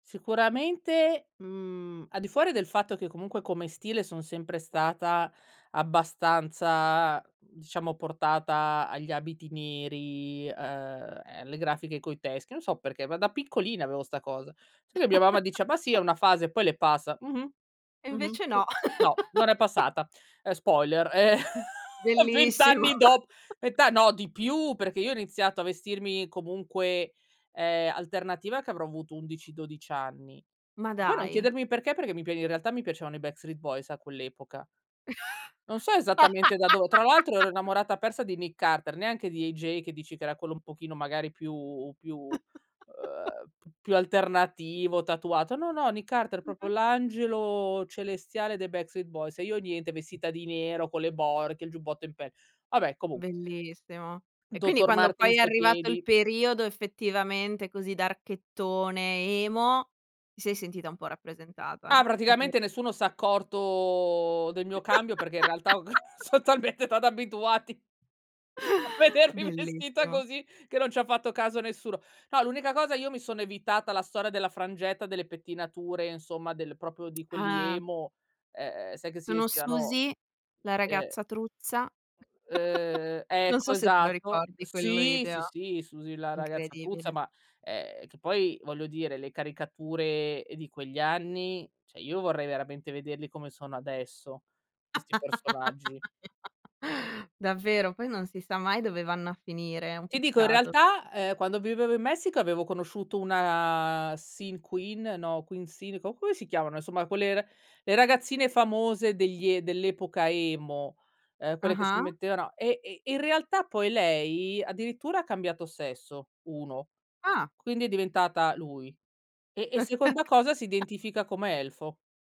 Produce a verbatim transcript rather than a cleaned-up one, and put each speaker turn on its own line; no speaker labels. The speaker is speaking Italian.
Sicuramente, mhmm, al di fuori del fatto che comunque come stile, sono sempre stata abbastanza, mhmm, diciamo, portata agli abiti neri, uhm, e alle grafiche coi teschi, non so perché, ma da piccolina avevo 'sta cosa. Solo che mia mamma dice :"Ma sì, è una fase, poi le passa." Mh-mh.
E
Mh-mh.
invece
Sì.
no.
No. Non è passata. Uhm, spoiler, uhm, vent
Bellissimo.
anni dop vent a No, di più, perché io ho iniziato a vestirmi, comunque, uhm, alternativa che avrò avuto undici dodici anni.
Ma
Poi, non
dai.
chiedermi perché, perché mi pi in realtà mi piacevano i Backstreet Boys, a quell'epoca. Non so, esattamente da dove tra l'altro ero innamorata persa di Nick Carter, neanche di AJ che dici che era quello un pochino magari più più, uhm, p più alternativo, tatuato. No, no, Nick Carter, propo
Mh-mh.
l'angelo celestiale dei Backstreet Boys. E io niente vestita di nero, con le borchie, il giubbotto in pel Vabbè comunqu
Bellissimo. E quindi,
Doctor
quando poi
Martin's
è
ai
arrivato il
piedi.
periodo effettivamente così darkettone, emo, ti sei sentita un po' rappresentata?
Ah,
O
praticamente
forse
nessuno s'è accorto del mio cambio perché, in realtà, ho c son talmente stati abituati a vedermi vestita
Bellissimo.
così, che non ci ha fatto caso nessuno. No, l'unica cosa io mi sono evitata la storia della frangetta, delle pettinature, insomma del propo di quelli
Ah.
emo, uhm, sai che si
Sono
vestivano
Susy, la
uhm
ragazza truzza.
[unintelligible] Uhm,
Non
ecco,
so se te lo
esatto
ricordi quel
Sì, sì,
video.
sì, Susy la ragazza truzza
Incredibile.
ma ehm, che poi voglio dire le caricature, uhm, di quegli anni, ceh io vorrei veramente vederli come sono adesso, questi personaggi.
Davvero, poi non si sa mai dove vanno a finire, è un
Ti dico, in
peccato [unintelligible]
realtà, uhm, quando vivevo in Messico avevo conosciuto una sin queen, no queen sin, co come si chiamano? Insomma quelle ra le ragazzine famose degli e dell'epoca emo, uhm, quelle che si
Ah-ah.
mettevano e e e in realtà poi lei addirittura ha cambiato sesso, uno
Ah.
quindi è diventata lui. E e seconda cosa si identifica come elfo.